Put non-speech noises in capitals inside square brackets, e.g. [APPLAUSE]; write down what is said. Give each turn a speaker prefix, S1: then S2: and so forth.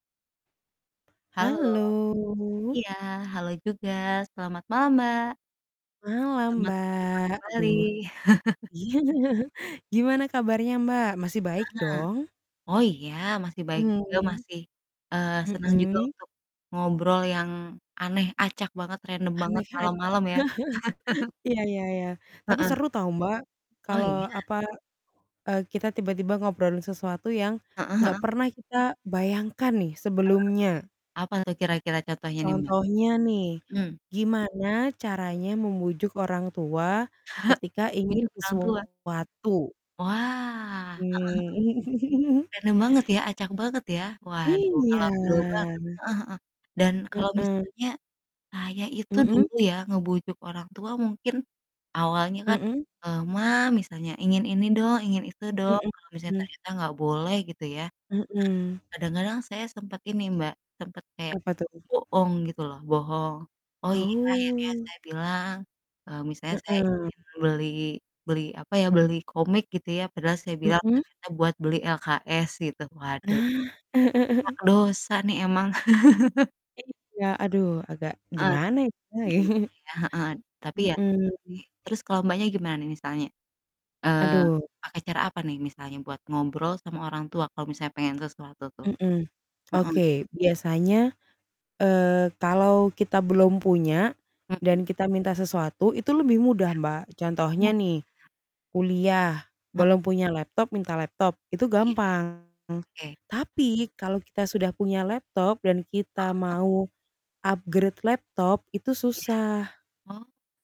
S1: Halo.
S2: Halo.
S1: Iya, halo juga, selamat malam, Mbak.
S2: Malam,
S1: Selamat berjumpa
S2: Mbak, aduh.
S1: kembali. [CHUCKLES]
S2: Iya, gimana kabarnya, Mbak? Masih
S1: Ah
S2: baik
S1: hah.
S2: dong?
S1: Oh iya, masih baik juga,
S2: Mmm.
S1: masih, eee, senang juga
S2: Mhm.
S1: untuk ngobrol yang aneh, acak banget, random banget
S2: Aneh, acak. [LAUGHS]
S1: malam-malam ya. [CHUCKLES]
S2: Ya ya ya, tapi
S1: Heeh.
S2: seru tau, Mbak,
S1: Oh iya.
S2: kalau apa, eee, kita tiba-tiba ngobrolin sesuatu yang,
S1: Heeh
S2: nggak
S1: heeh.
S2: pernah kita bayangkan nih
S1: Heeh,
S2: sebelumnya.
S1: apa tuh kira-kira contohnya nih, Mbak?
S2: Contohnya nih,
S1: Mhm.
S2: gimana
S1: Mhm.
S2: caranya membujuk orang tua
S1: [CHUCKLES]
S2: ketika ingin
S1: Bujuk orang tua?
S2: sesuatu?
S1: Wah, heeh heeh.
S2: Mmm, [CHUCKLES]
S1: Random banget ya, acak banget ya. Waduh,
S2: Iya.
S1: ngalor ngidul banget, heeh heeh. Dan kalau
S2: Heeh.
S1: misalnya, saya itu
S2: Mhm?
S1: dulu ya ngebujuk orang tua mungkin awalnya kan,
S2: Mhm.
S1: eee, "Ma," misalnya, "ingin ini dong, ingin itu dong."
S2: Mhm
S1: Kalau misalnya
S2: mhm.
S1: ternyata nggak boleh gitu ya, nah
S2: Mhm.
S1: kadang-kadang saya sempet ini, Mbak, sempet kayak
S2: Apa tuh?
S1: bohong gitu loh, bohong. Oh iya akhirnya
S2: Oh.
S1: saya bilang, eee, misalnya saya
S2: Heeh.
S1: ingin beli beli apa ya, beli komik gitu ya, padahal saya bilang
S2: Mhm.
S1: ternyata buat beli LKS gitu, waduh
S2: Nah.
S1: banyak
S2: [CHUCKLES]
S1: dosa nih emang. [CHUCKLES]
S2: Iya aduh, agak
S1: Ah,
S2: gimana ya, kita ya.
S1: gimana
S2: [CHUCKLES]
S1: ya, heeh, tapi ya tobat
S2: Mhm.
S1: sih, terus kalau Mbaknya gimana nih misalnya? Eee,
S2: Aduh.
S1: pakai cara apa nih misalnya buat ngobrol sama orang tua kalau misalnya pengen sesuatu tuh?
S2: Mhm,
S1: Heeh.
S2: oke, biasanya, eee, kalau kita belum punya,
S1: Mhm.
S2: dan kita minta sesuatu itu lebih
S1: Ya.
S2: mudah, Mbak,
S1: Oh iya.
S2: contohnya nih kuliah,
S1: Heeh.
S2: belum punya laptop minta laptop, itu
S1: Iya.
S2: gampang,
S1: Oke.
S2: tapi kalau kita sudah punya laptop, dan kita
S1: Heeh, heeh.
S2: mau upgrade laptop itu
S1: Iya.
S2: susah.
S1: Oh.